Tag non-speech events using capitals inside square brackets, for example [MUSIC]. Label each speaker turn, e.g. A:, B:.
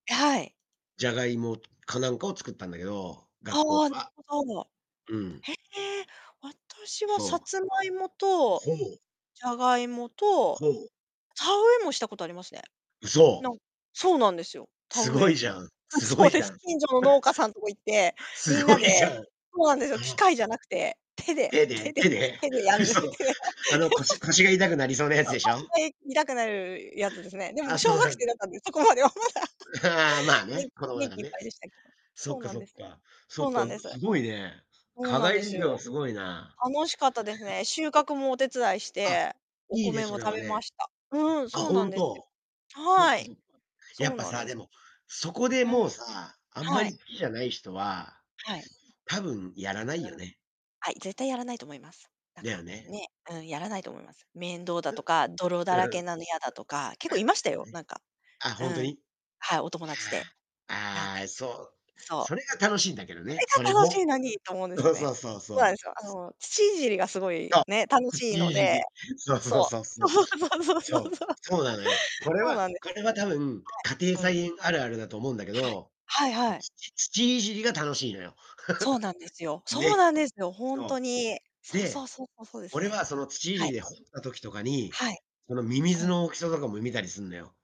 A: え、はい。
B: ジャガイモつかなんかを作ったんだけど、
A: ああ、
B: 学校で
A: なる
B: は。
A: ほど。
B: うん。
A: へえ、私はさ
B: そう。
A: つまいもと、
B: ほお。
A: じゃがいもと、
B: ほお。
A: 田植えもしたことありますね。
B: うそ。
A: なんそうなんですよ、田
B: す
A: 植
B: ごい
A: え。
B: じゃん、
A: うん、
B: すご
A: そ
B: い
A: うで
B: じゃ
A: す。
B: ん。
A: 近所の農家さんとこ行って、み
B: す
A: ん
B: ご
A: な
B: いじゃ
A: で
B: ん。
A: そうなんですよ、機
B: [UNINTELLIGIBLE]
A: 械じゃなくて、手で、
B: 手
A: 手
B: で？
A: で、
B: 手で？
A: 手でやるって。
B: 嘘、あの、腰腰が痛くなりそう
A: [LAUGHS] す
B: なやつでしょ？
A: ごい手い痛くなるやつですね。でも
B: あ、
A: 小
B: そう
A: 学
B: なん
A: 生
B: だ。
A: だったんで、そこまでは。[LAUGHS]
B: ああ、まあね、
A: 元気
B: 子供だ
A: 元
B: かん
A: 気いっ
B: ね。
A: ぱいでしたけど。
B: そっ
A: そう
B: か。
A: なん
B: そっ
A: で
B: か
A: す
B: そ
A: よ。
B: っか。そ
A: そ
B: っ
A: う
B: か、
A: な
B: う
A: んです。
B: すごいね。
A: そう
B: 課
A: なん
B: 外
A: です
B: 授業
A: よ。
B: すごいな。
A: 楽しかったです
B: [CHUCKLES]
A: ね。収穫もお手伝いし
B: あ、
A: て、お
B: いいね、
A: 米
B: そ
A: も
B: れ
A: 食
B: は
A: べま
B: ね。
A: した。うん、
B: あ、
A: そうなん
B: 本
A: ですよ。
B: 当？そっ
A: は
B: か
A: い。
B: そっか。
A: そ
B: やっ
A: う
B: ぱ
A: なん
B: さあ、
A: です。
B: でも、そこで
A: う
B: も
A: ん。
B: うさあ、あんま
A: はい。
B: り好きじゃない人は
A: はい。
B: 多分やらない
A: う
B: よ
A: ん。
B: ね。
A: はい、絶対やらないと思います。なんか、
B: だよね。
A: ね。うん、やらないと思います。面倒だ
B: ふん。
A: とか、泥だ
B: う
A: ら
B: ー
A: け
B: ん。
A: なの嫌だとか、結
B: あ、
A: 構いました
B: そう
A: よ。
B: やね。
A: なんか
B: あ、
A: う
B: 本当
A: ん。
B: に？い
A: はい、お友達で。
B: や、
A: なんか
B: ああ、そう、
A: そ
B: そ
A: う。
B: れが楽しいんだけどね、そ
A: そ
B: れ
A: れが楽し
B: も。
A: いのにと思うんですよ
B: そう
A: ね。
B: そうそう
A: そう
B: そ
A: なん
B: う。
A: ですよ、あの、土いじりがすごい、
B: そう。
A: ね、楽しい
B: 土
A: の
B: いじ
A: で。
B: り。そうそう
A: そ
B: そうそ
A: う。
B: う。
A: そうそうそうそう
B: そう。
A: そう。
B: そうなのよ。これ
A: そう
B: は
A: なんです。
B: これは多分、家庭
A: はい。うん。
B: 菜園あるあるだと思うんだけ
A: はい。
B: ど、
A: はいはい。
B: 土土いじりが楽しいのよ。
A: そうなんですよ。
B: [LAUGHS]
A: そう
B: ね、
A: なんですよ、本当
B: そ
A: に。
B: う。
A: そうそう
B: で、
A: そうそう、そうです
B: 俺
A: ね。
B: は、その、土い
A: は
B: じり
A: い。
B: で掘った時とかに、
A: はい。
B: その、ミミ
A: う
B: ズ
A: ん。
B: の大きさとかも見たりすんのよ。